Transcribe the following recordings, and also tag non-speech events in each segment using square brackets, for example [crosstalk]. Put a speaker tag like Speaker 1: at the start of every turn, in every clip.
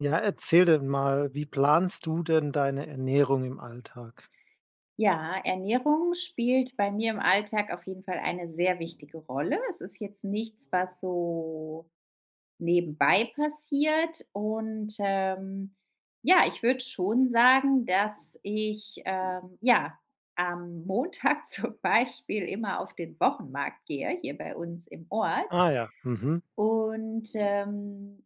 Speaker 1: Ja, erzähl denn mal, wie planst du denn deine Ernährung im Alltag?
Speaker 2: Ja, Ernährung spielt bei mir im Alltag auf jeden Fall eine sehr wichtige Rolle. Es ist jetzt nichts, was so nebenbei passiert, und, ähm, ja, ich würde schon sagen, dass ich, ähm, ja, am Montag zum Beispiel immer auf den Wochenmarkt gehe, hier bei uns im Ort.
Speaker 1: Ah ja, mhm.
Speaker 2: Und, ähm,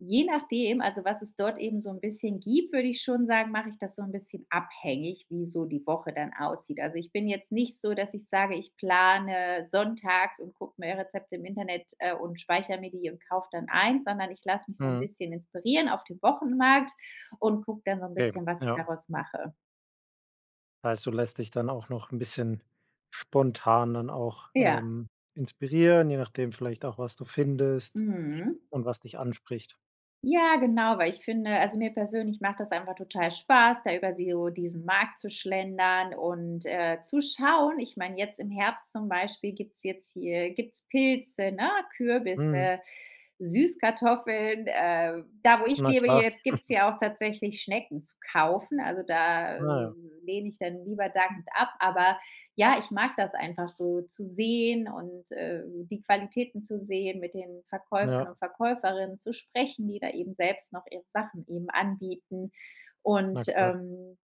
Speaker 2: je nachdem, also, was es dort eben so 'n bisschen gibt, würde ich schon sagen, mache ich das so 'n bisschen abhängig, wie so die Woche dann aussieht. Also, ich bin jetzt nicht so, dass ich sage, ich plane sonntags und gucke mir Rezepte im Internet, äh, und speichere mir die und kaufe dann ein, sondern ich lasse mich so 'n
Speaker 1: Mhm.
Speaker 2: bisschen inspirieren auf dem Wochenmarkt und gucke dann so 'n
Speaker 1: Okay,
Speaker 2: bisschen, was ich
Speaker 1: ja.
Speaker 2: daraus mache.
Speaker 1: Heißt, du lässt dich dann auch noch 'n bisschen spontan dann auch,
Speaker 2: Ja.
Speaker 1: ähm, inspirieren, je nachdem vielleicht auch, was du findest
Speaker 2: Mhm.
Speaker 1: und was dich anspricht?
Speaker 2: Ja, genau, weil ich finde also mir persönlich macht das einfach total Spaß, da über so diesen Markt zu schlendern und, äh, zu schauen. Ich meine, jetzt im Herbst zum Beispiel gibt's jetzt hier gibt's Pilze, ne,
Speaker 1: Mhm.
Speaker 2: Kürbisse, Süßkartoffeln. Äh, da wo ich
Speaker 1: Na
Speaker 2: lebe
Speaker 1: klar.
Speaker 2: jetzt gibt's
Speaker 1: [chuckles]
Speaker 2: ja auch tatsächlich Schnecken zu kaufen, also da, äh,
Speaker 1: Na ja.
Speaker 2: lehne ich dann lieber dankend ab. Aber ja, ich mag das einfach so zu sehen und, äh, die Qualitäten zu sehen, mit den
Speaker 1: Ja.
Speaker 2: Verkäufern und Verkäuferinnen zu sprechen, die da eben selbst noch ihre Sachen eben anbieten
Speaker 1: Na
Speaker 2: und,
Speaker 1: klar.
Speaker 2: ähm,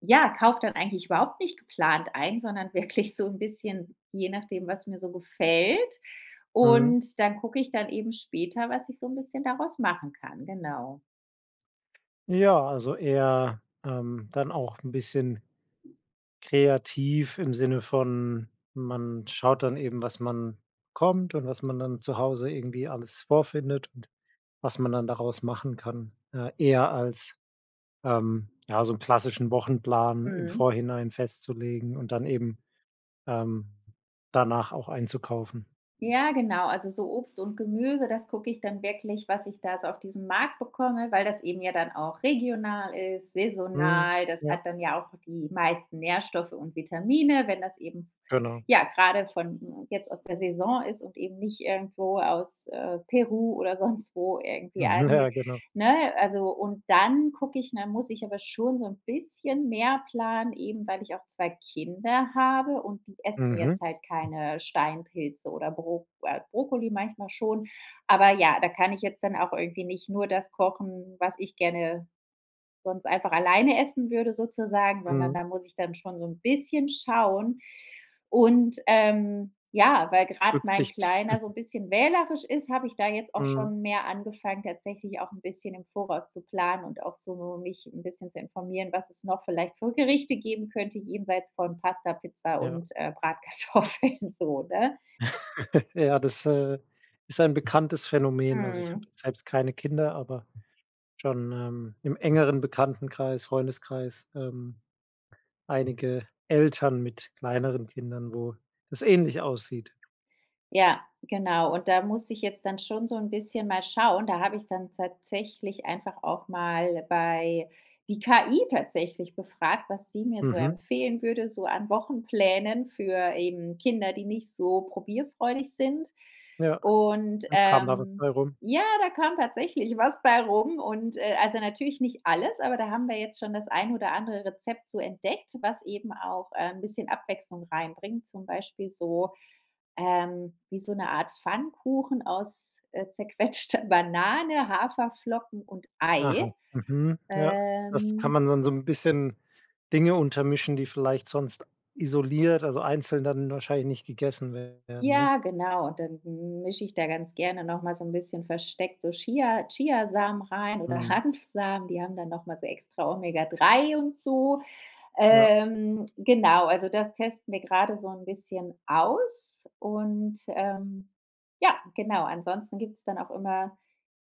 Speaker 2: ja, kaufe dann eigentlich überhaupt nicht geplant ein, sondern wirklich so 'n bisschen, je nachdem, was mir so gefällt.
Speaker 1: Mhm.
Speaker 2: Und dann gucke ich dann eben später, was ich so 'n bisschen daraus machen kann. Genau.
Speaker 1: Ja, also eher, ähm, dann auch 'n bisschen, kreativ im Sinne von, man schaut dann eben, was man bekommt und was man dann zu Hause irgendwie alles vorfindet und was man dann daraus machen kann. Äh, eher als, ähm, ja, so 'n klassischen Wochenplan im
Speaker 2: Mhm.
Speaker 1: Vorhinein festzulegen und dann eben, ähm, danach auch einzukaufen?
Speaker 2: Ja, genau, also so Obst und Gemüse, das gucke ich dann wirklich, was ich da so auf diesem Markt bekomme, weil das eben ja dann auch regional ist,
Speaker 1: Mhm,
Speaker 2: saisonal. Das
Speaker 1: ja.
Speaker 2: hat dann ja auch die meisten Nährstoffe und Vitamine, wenn das eben v
Speaker 1: Genau.
Speaker 2: ja, gerade von jetzt aus der Saison ist und eben nicht irgendwo aus, äh, Peru oder sonst wo irgendwie
Speaker 1: [chuckles]
Speaker 2: ange
Speaker 1: Ja, genau.
Speaker 2: ne, also und dann gucke ich Dann muss ich aber schon so ’n bisschen mehr planen, eben weil ich auch 2 Kinder habe, und die essen
Speaker 1: Mhm.
Speaker 2: jetzt halt keine Steinpilze oder Bro äh, Brokkoli manchmal schon. Aber ja, da kann ich jetzt dann auch irgendwie nicht nur das kochen, was ich gerne sonst einfach alleine essen würde sozusagen, sondern
Speaker 1: Mhm.
Speaker 2: da muss ich dann schon so 'n bisschen schauen. Und, ähm, ja, weil gerade mein
Speaker 1: Rücksicht.
Speaker 2: Kleiner so 'n
Speaker 1: [chuckles]
Speaker 2: bisschen wählerisch ist, habe ich da jetzt auch
Speaker 1: Mhm.
Speaker 2: schon mehr angefangen, tatsächlich auch 'n bisschen im Voraus zu planen und auch so mich 'n bisschen zu informieren, was es noch vielleicht für Gerichte geben könnte jenseits von Pasta, Pizza
Speaker 1: Ja.
Speaker 2: und, äh, Bratkartoffeln so, ne?
Speaker 1: [laughs] Ja, das, äh, ist ein bekanntes Phänomen. Also ich habe
Speaker 2: Mhm.
Speaker 1: selbst keine Kinder, aber schon, ähm, im engeren Bekanntenkreis, Freundeskreis, ähm, einige Eltern mit kleineren Kindern, wo das ähnlich aussieht.
Speaker 2: Ja, genau. Und da muss ich jetzt dann schon so 'n bisschen mal schauen, da habe ich dann tatsächlich einfach auch mal bei die KI tatsächlich befragt, was sie mir so
Speaker 1: Mhm.
Speaker 2: empfehlen würde, so an Wochenplänen für eben Kinder, die nicht so probierfreudig sind.
Speaker 1: Ja,
Speaker 2: Und,
Speaker 1: und kam da was
Speaker 2: ähm,
Speaker 1: bei rum?
Speaker 2: ja, da kam tatsächlich was bei rum und äh, also natürlich nicht alles, aber da haben wir jetzt schon das ein oder andere Rezept so entdeckt, was eben auch, ähm, 'n bisschen Abwechslung reinbringt, zum Beispiel so ähm, wie so 'ne Art Pfannkuchen aus, äh, zerquetschter Banane, Haferflocken und Ei.
Speaker 1: Aha, mhm, ja, das kann
Speaker 2: Ähm
Speaker 1: man dann so 'n bisschen, Dinge untermischen, die vielleicht sonst isoliert, also einzeln dann wahrscheinlich nicht gegessen werden, ne?
Speaker 2: Ja, genau. Und dann mische ich da ganz gerne nochmal so 'n bisschen versteckt so Chia Chia-Samen rein oder
Speaker 1: Mhm.
Speaker 2: Hanfsamen, die haben dann nochmal so extra Omega 3 und so.
Speaker 1: Ja.
Speaker 2: Ähm, genau, also das testen wir gerade so 'n bisschen aus und, ähm ja, genau. Ansonsten gibt's dann auch immer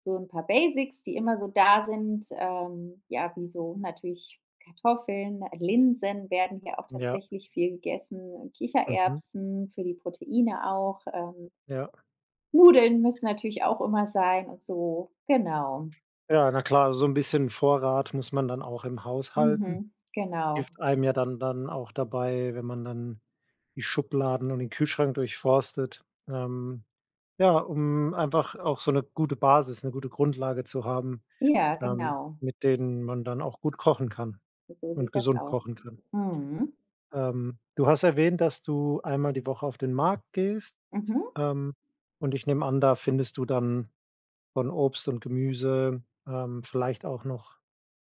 Speaker 2: so 'n paar Basics, die immer so da sind, ähm, ja, wie so natürlich Kartoffeln. Äh, Linsen werden hier auch
Speaker 1: Ja.
Speaker 2: tatsächlich viel gegessen.
Speaker 1: Mhm.
Speaker 2: Kichererbsen für die Proteine auch, ähm
Speaker 1: Ja.
Speaker 2: Nudeln müssen natürlich auch immer sein und so, genau.
Speaker 1: Ja, na klar, so 'n bisschen Vorrat muss man dann auch im Haus halten.
Speaker 2: Mhm, genau.
Speaker 1: Hilft einem ja dann dann auch dabei, wenn man dann die Schubladen und den Kühlschrank durchforstet. Ähm, ja, um einfach auch so 'ne gute Basis, 'ne gute Grundlage zu haben,
Speaker 2: Ja,
Speaker 1: ähm,
Speaker 2: genau.
Speaker 1: mit denen man dann auch gut kochen kann
Speaker 2: So
Speaker 1: und
Speaker 2: sieht das
Speaker 1: gesund
Speaker 2: aus.
Speaker 1: kochen kann.
Speaker 2: Mhm.
Speaker 1: Ähm, du hast erwähnt, dass du einmal die Woche auf den Markt gehst.
Speaker 2: Mhm.
Speaker 1: Ähm, und ich nehme an, da findest du dann von Obst und Gemüse, ähm, vielleicht auch noch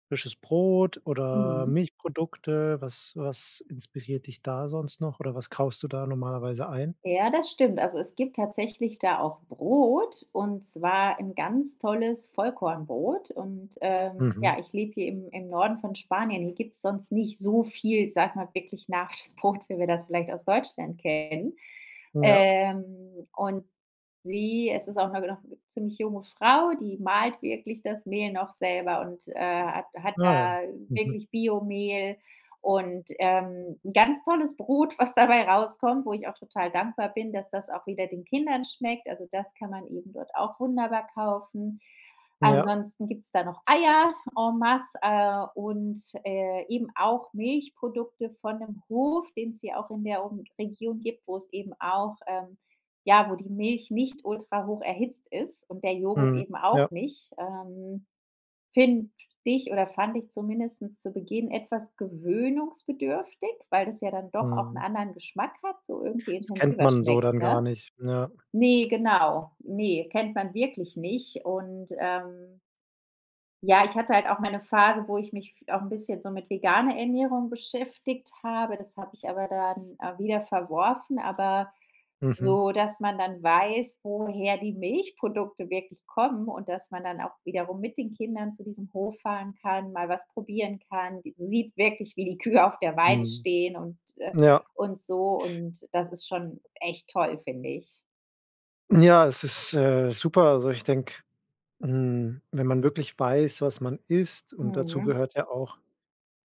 Speaker 1: frisches Brot oder
Speaker 2: Mhm.
Speaker 1: Milchprodukte. Was was inspiriert dich da sonst noch? Oder was kaufst du da normalerweise ein?
Speaker 2: Ja, das stimmt. Also, es gibt tatsächlich da auch Brot, und zwar 'n ganz tolles Vollkornbrot. Und, ähm
Speaker 1: Mhm.
Speaker 2: ja, ich lebe hier im im Norden von Spanien. Hier gibt's sonst nicht so viel, ich sage mal wirklich nach das Brot, wie wir das vielleicht aus Deutschland kennen,
Speaker 1: Ja.
Speaker 2: ähm und sie es ist auch 'ne noch ziemlich junge Frau, die mahlt wirklich das Mehl noch selber und, äh, hat hat
Speaker 1: Ah ja.
Speaker 2: da
Speaker 1: Mhm.
Speaker 2: wirklich Bio-Mehl und, ähm, 'n ganz tolles Brot, was dabei rauskommt, wo ich auch total dankbar bin, dass das auch wieder den Kindern schmeckt. Also, das kann man eben dort auch wunderbar kaufen.
Speaker 1: Ja.
Speaker 2: Ansonsten gibt's da noch Eier, en masse, äh, und, äh, eben auch Milchprodukte von 'nem Hof, den's hier auch in der Um Region gibt, wo es eben auch ähm, ja, wo die Milch nicht ultrahocherhitzt ist und der Joghurt
Speaker 1: Mhm.
Speaker 2: eben auch
Speaker 1: Ja.
Speaker 2: nicht. Ähm, finde ich oder fand ich zumindest zu Beginn etwas gewöhnungsbedürftig, weil das ja dann doch auch 'nen
Speaker 1: Mhm.
Speaker 2: anderen Geschmack hat, so irgendwie
Speaker 1: Das kennt
Speaker 2: intensiver
Speaker 1: man so
Speaker 2: schmeckt,
Speaker 1: dann gar
Speaker 2: ne?
Speaker 1: nicht, ja.
Speaker 2: Ne, genau, ne, kennt man wirklich nicht und, ähm Ja, ich hatte halt auch mal 'ne Phase, wo ich mich f auch 'n bisschen so mit veganer Ernährung beschäftigt habe, das habe ich aber dann, äh, wieder verworfen, aber
Speaker 1: Mhm.
Speaker 2: so, dass man dann weiß, woher die Milchprodukte wirklich kommen und dass man dann auch wiederum mit den Kindern zu diesem Hof fahren kann, mal was probieren kann, d sieht wirklich, wie die Kühe auf der Weide
Speaker 1: Mhm.
Speaker 2: stehen und äh,
Speaker 1: Ja.
Speaker 2: und so, und das ist schon echt toll, finde ich.
Speaker 1: Ja, es ist, äh, super. Also, ich denke, hm, wenn man wirklich weiß, was man isst und dazu
Speaker 2: Mhm.
Speaker 1: gehört ja auch,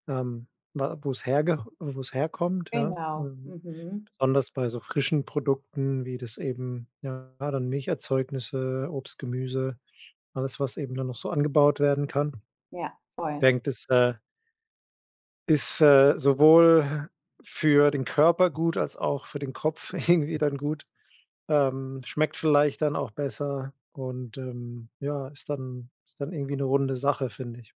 Speaker 1: ähm, wa wo es herge wo es herkommt, ja
Speaker 2: Genau.
Speaker 1: ähm,
Speaker 2: Mhm.
Speaker 1: besonders bei so frischen Produkten wie das eben ja grade Milcherzeugnisse, Obst, Gemüse, alles, was eben dann noch so angebaut werden kann.
Speaker 2: Ja, voll.
Speaker 1: Denke, das, äh ist, äh, sowohl für den Körper gut als auch für den Kopf irgendwie dann gut ähm, schmeckt vielleicht dann auch besser und, ähm, ja, ist dann ist dann irgendwie 'ne runde Sache, finde ich.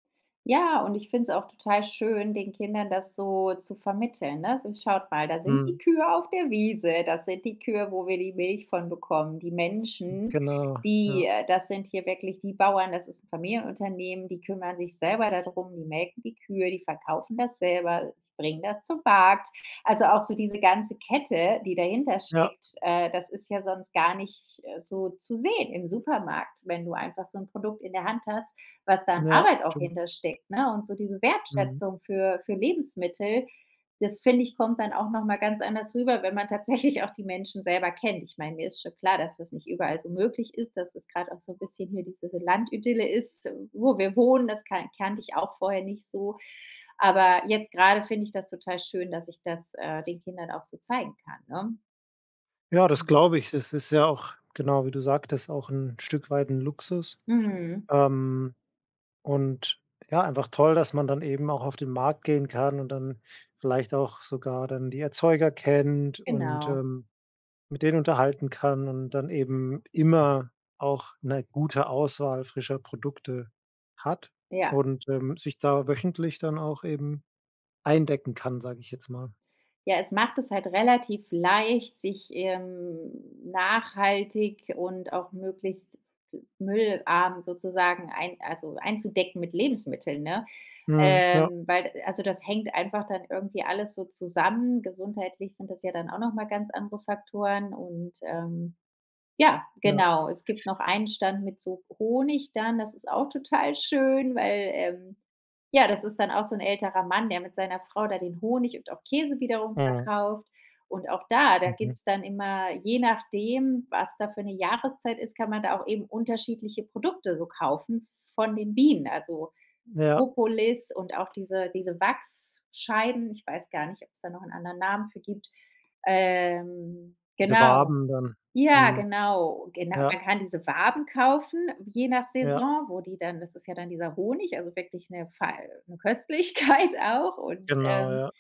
Speaker 2: Ja, und ich finde es auch total schön, den Kindern das so zu vermitteln, ne? So: „Schaut mal, da sind die
Speaker 1: Mhm.
Speaker 2: Kühe auf der Wiese, das sind die Kühe, wo wir die Milch von bekommen. Die Menschen,
Speaker 1: Genau,
Speaker 2: die
Speaker 1: ja.
Speaker 2: äh, das sind hier wirklich die Bauern, das ist 'n Familienunternehmen, die kümmern sich selber da drum, die melken die Kühe, die verkaufen das selber, die bringen das zum Markt.“ Also, auch so diese ganze Kette, die dahinter
Speaker 1: Ja.
Speaker 2: steckt, äh, das ist ja sonst gar nicht, äh, so zu sehen im Supermarkt, wenn du einfach so 'n Produkt in der Hand hast, was da an
Speaker 1: Ja,
Speaker 2: Arbeit auch
Speaker 1: stimmt.
Speaker 2: hinter steckt, ne? Und so diese
Speaker 1: Mhm.
Speaker 2: Wertschätzung für für Lebensmittel, das finde ich, kommt dann auch nochmal ganz anders rüber, wenn man tatsächlich auch die Menschen selber kennt. Ich meine, mir ist schon klar, dass das nicht überall so möglich ist, dass es grad auch so bisschen hier diese so Landidylle ist, wo wir wohnen, das kan kannte ich auch vorher nicht so. Aber jetzt grade finde ich das total schön, dass ich das, äh, den Kindern auch so zeigen kann, ne?
Speaker 1: Ja, das
Speaker 2: Mhm.
Speaker 1: glaube ich. Das ist ja auch, genau wie du sagtest auch 'n Stück weit 'n Luxus.
Speaker 2: Mhm.
Speaker 1: Ähm, und, ja, einfach toll, dass man dann eben auch auf den Markt gehen kann und dann vielleicht auch sogar dann die Erzeuger kennt und,
Speaker 2: Genau.
Speaker 1: ähm, mit denen unterhalten kann und dann eben immer auch 'ne gute Auswahl frischer Produkte hat
Speaker 2: Ja.
Speaker 1: und, ähm, sich da wöchentlich dann auch eben eindecken kann, sage ich jetzt mal.
Speaker 2: Ja, es macht es halt relativ leicht, sich, ähm, nachhaltig und auch möglichst müllarm sozusagen ein also, einzudecken mit Lebensmitteln, ne?
Speaker 1: Mhm. Ja.
Speaker 2: Ähm, weil also, das hängt einfach dann irgendwie alles so zusammen. Gesundheitlich sind das ja dann auch nochmal ganz andere Faktoren und ähm, ja,
Speaker 1: Ja.
Speaker 2: genau. Es gibt noch einen Stand mit so Honig dann, das ist auch total schön, weil ähm, ja, das ist dann auch so 'n älterer Mann, der mit seiner Frau da den Honig und auch Käse wiederum
Speaker 1: Mhm.
Speaker 2: verkauft. Und auch da da
Speaker 1: Mhm.
Speaker 2: gibt's dann immer je nachdem, was da für 'ne Jahreszeit ist, kann man da auch eben unterschiedliche Produkte so kaufen von den Bienen, also,
Speaker 1: Ja.
Speaker 2: Propolis und auch diese diese Wachsscheiben. Ich weiß gar nicht, ob's da noch 'n anderen Namen für gibt. Ähm,
Speaker 1: Diese
Speaker 2: genau.
Speaker 1: Waben dann,
Speaker 2: Ja,
Speaker 1: mhm,
Speaker 2: genau. Genau.
Speaker 1: ja.
Speaker 2: Man kann diese Waben kaufen, je nach
Speaker 1: Ja.
Speaker 2: Saison, wo die dann das ist ja dann dieser Honig, also, wirklich 'ne fei 'ne Köstlichkeit auch und
Speaker 1: Genau,
Speaker 2: ähm,
Speaker 1: ja.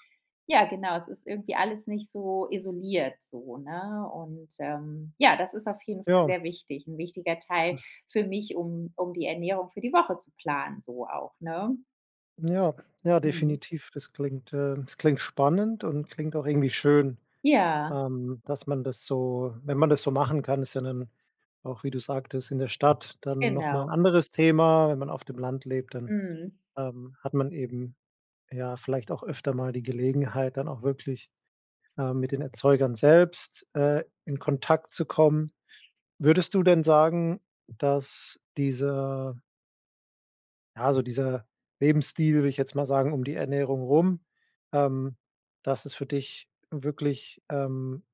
Speaker 2: ja, genau, es ist irgendwie alles nicht so isoliert so, ne? Und, ähm, ja, das ist auf jeden Fall
Speaker 1: Ja.
Speaker 2: sehr wichtig, 'n wichtiger Teil
Speaker 1: Das
Speaker 2: für mich, um um die Ernährung für die Woche zu planen, so auch, ne?
Speaker 1: Ja, ja,
Speaker 2: Mhm.
Speaker 1: definitiv. Das klingt ähm, das klingt spannend und klingt auch irgendwie schön,
Speaker 2: Ja.
Speaker 1: ähm, dass man das so wenn man das so machen kann, ist ja dann auch, wie du sagtest, in der Stadt dann noch mal 'n
Speaker 2: Genau.
Speaker 1: anderes Thema. Wenn man auf dem Land lebt, dann,
Speaker 2: Mhm.
Speaker 1: ähm, hat man eben, ja, vielleicht auch öfter mal die Gelegenheit, dann auch wirklich, ähm, mit den Erzeugern selbst, äh, in Kontakt zu kommen. Würdest du denn sagen, dass dieser ja, also dieser Lebensstil, würde ich jetzt mal sagen, um die Ernährung rum ähm, dass es für dich wirklich, ähm,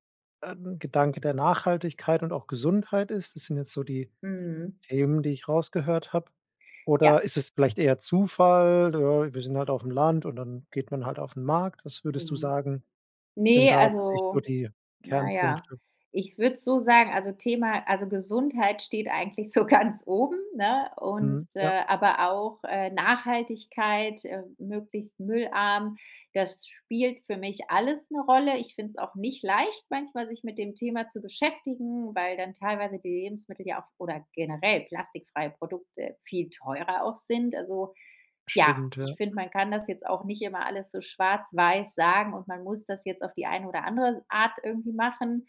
Speaker 1: ein Gedanke der Nachhaltigkeit und auch Gesundheit ist? Das sind jetzt so die
Speaker 2: Mhm.
Speaker 1: Themen, die ich rausgehört habe.
Speaker 2: Ja.
Speaker 1: Oder ist es vielleicht eher Zufall, ne, wir sind halt auf'm Land und dann geht man halt auf'n Markt. Was würdest du
Speaker 2: Mhm.
Speaker 1: sagen, sind
Speaker 2: Ne,
Speaker 1: da wirklich so
Speaker 2: also,
Speaker 1: die
Speaker 2: ja, ja.
Speaker 1: Kernpunkte?
Speaker 2: Ich würde es so sagen, also Thema also Gesundheit steht eigentlich so ganz oben, ne, und
Speaker 1: Mhm. Ja.
Speaker 2: äh, aber auch, äh, Nachhaltigkeit, äh, möglichst müllarm, das spielt für mich alles 'ne Rolle. Ich finde es auch nicht leicht, manchmal sich mit dem Thema zu beschäftigen, weil dann teilweise die Lebensmittel ja auch oder generell plastikfreie Produkte viel teurer auch sind. Also, ja,
Speaker 1: Stimmt,
Speaker 2: ich
Speaker 1: ja.
Speaker 2: finde, man kann das jetzt auch nicht immer alles so schwarz-weiß sagen, und man muss das jetzt auf die eine oder andere Art irgendwie machen.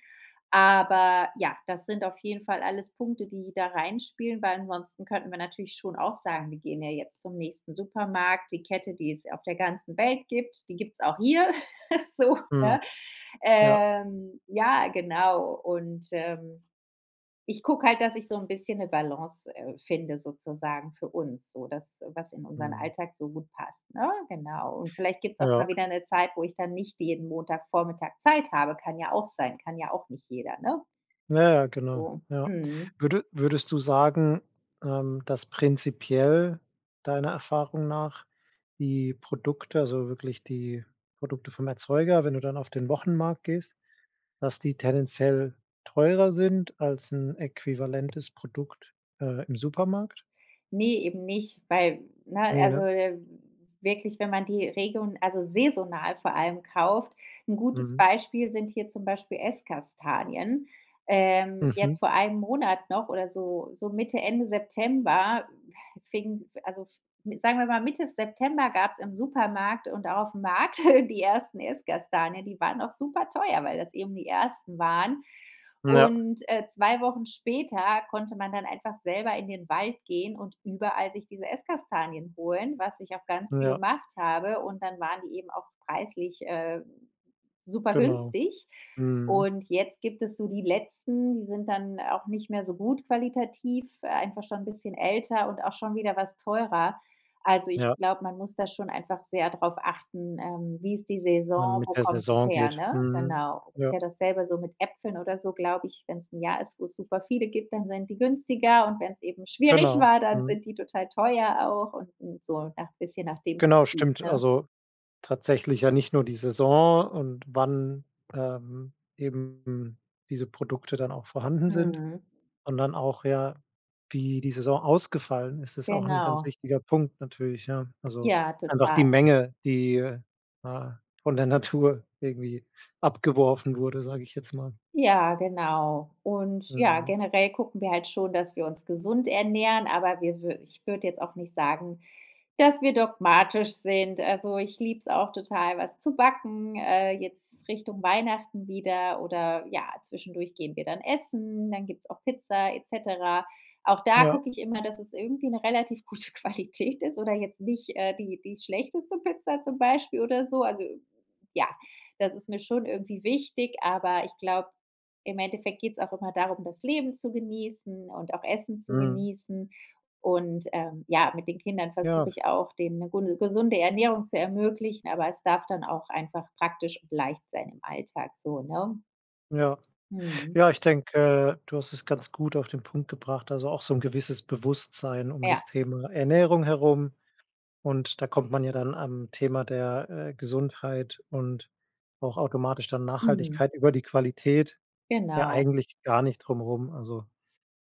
Speaker 2: Aber, ja, das sind auf jeden Fall alles Punkte, die da reinspielen, weil ansonsten könnten wir natürlich schon auch sagen: „Wir gehen ja jetzt zum nächsten Supermarkt, die Kette, die es auf der ganzen Welt gibt, die gibt's auch hier”, [chuckles] so,
Speaker 1: Mhm.
Speaker 2: ne?
Speaker 1: Ja.
Speaker 2: Ähm, ja, genau und, ähm, ich gucke halt, dass ich so 'n bisschen 'ne Balance, äh, finde sozusagen für uns so, das, was in unseren
Speaker 1: Mhm.
Speaker 2: Alltag so gut passt, ne? Genau. Und vielleicht gibt's auch mal
Speaker 1: Ja.
Speaker 2: wieder 'ne Zeit, wo ich dann nicht jeden Montagvormittag Zeit habe. Kann ja auch sein, kann ja auch nicht jeder, ne?
Speaker 1: Ja, ja, genau.
Speaker 2: So,
Speaker 1: Ja.
Speaker 2: mhm.
Speaker 1: Würde würdest du sagen, ähm, dass prinzipiell deiner Erfahrung nach die Produkte also wirklich die Produkte vom Erzeuger, wenn du dann auf den Wochenmarkt gehst, dass die tendenziell teurer sind als 'n äquivalentes Produkt, äh, im Supermarkt?
Speaker 2: Ne, eben nicht, weil, ne,
Speaker 1: Ne,
Speaker 2: also,
Speaker 1: ne?
Speaker 2: äh, wirklich, wenn man die Region also saisonal vor allem kauft 'N gutes
Speaker 1: Mhm.
Speaker 2: Beispiel sind hier zum Beispiel Esskastanien. Ähm, jetzt
Speaker 1: Mhm.
Speaker 2: vor einem Monat noch oder so so Mitte, Ende September, fing, also f sagen wir mal Mitte September gab's im Supermarkt und auch auf'm Markt [chuckles] die ersten Esskastanien. Die waren auch super teuer, weil das eben die ersten waren,
Speaker 1: Ja.
Speaker 2: und, äh, 2 Wochen später konnte man dann einfach selber in den Wald gehen und überall sich diese Esskastanien holen, was ich auch ganz viel
Speaker 1: Ja.
Speaker 2: gemacht habe, und dann waren die eben auch preislich, äh, super
Speaker 1: Genau.
Speaker 2: günstig.
Speaker 1: Mhm.
Speaker 2: Und jetzt gibt es so die letzten, die sind dann auch nicht mehr so gut qualitativ, einfach schon 'n bisschen älter und auch schon wieder was teurer. Also, ich
Speaker 1: Ja.
Speaker 2: glaube, man muss da schon einfach sehr drauf achten, ähm, wie ist die
Speaker 1: Dann
Speaker 2: Saison, wo
Speaker 1: mit der
Speaker 2: kommt das
Speaker 1: Saison
Speaker 2: her,
Speaker 1: geht.
Speaker 2: ne?
Speaker 1: Mhm,
Speaker 2: Genau, ist
Speaker 1: ja.
Speaker 2: ja dasselbe so mit Äpfeln oder so, glaube ich. Wenn's 'n Jahr ist, wo's super viele gibt, dann sind die günstiger, und wenn's eben schwierig
Speaker 1: Genau.
Speaker 2: war, dann
Speaker 1: Mhm.
Speaker 2: sind die total teuer auch und so, ja, bisschen nach dem
Speaker 1: Genau,
Speaker 2: Prinzip,
Speaker 1: stimmt.
Speaker 2: ne?
Speaker 1: Also tatsächlich ja nicht nur die Saison und wann, ähm, eben diese Produkte dann auch vorhanden sind,
Speaker 2: Mhm.
Speaker 1: sondern auch, ja, wie die Saison ausgefallen ist, ist auch 'n ganz
Speaker 2: Genau.
Speaker 1: wichtiger Punkt natürlich, ja, also,
Speaker 2: Ja,
Speaker 1: einfach
Speaker 2: total.
Speaker 1: die Menge, die, ne, von der Natur irgendwie abgeworfen wurde, sage ich jetzt mal.
Speaker 2: Ja, genau. Und, ja,
Speaker 1: Mhm.
Speaker 2: generell gucken wir halt schon, dass wir uns gesund ernähren, aber wir wür ich würde jetzt auch nicht sagen, dass wir dogmatisch sind. Also, ich liebe es auch total, was zu backen, äh, jetzt Richtung Weihnachten wieder oder, ja, zwischendurch gehen wir dann essen, dann gibt's auch Pizza et cetera. Auch da
Speaker 1: Ja.
Speaker 2: gucke ich immer, dass es irgendwie 'ne relativ gute Qualität ist oder jetzt nicht, äh, die die schlechteste Pizza zum Beispiel oder so. Also, ja, das ist mir schon irgendwie wichtig, aber ich glaube, im Endeffekt geht's auch immer darum, das Leben zu genießen und auch Essen zu
Speaker 1: Mhm.
Speaker 2: genießen. Und, ähm, ja, mit den Kindern versuche
Speaker 1: Ja.
Speaker 2: ich auch, denen 'ne gu 'ne gesunde Ernährung zu ermöglichen, aber es darf dann auch einfach praktisch und leicht sein im Alltag, so, ne?
Speaker 1: Ja,
Speaker 2: Mhm.
Speaker 1: ja, ich denke, äh, du hast es ganz gut auf den Punkt gebracht, also auch so 'n gewisses Bewusstsein um das
Speaker 2: Ja.
Speaker 1: Thema Ernährung herum. Und da kommt man ja dann am Thema der, äh, Gesundheit und auch automatisch dann
Speaker 2: Mhm.
Speaker 1: Nachhaltigkeit über die Qualität, ja
Speaker 2: Genau.
Speaker 1: eigentlich gar nicht drumrum. Also,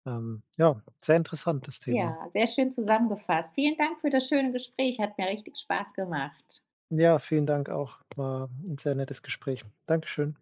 Speaker 1: ähm, ja, sehr interessant das Thema.
Speaker 2: Ja, sehr schön zusammengefasst. Vielen Dank für das schöne Gespräch. hat mir richtig Spaß gemacht.
Speaker 1: Ja, vielen Dank auch. War 'n sehr nettes Gespräch. Dankeschön.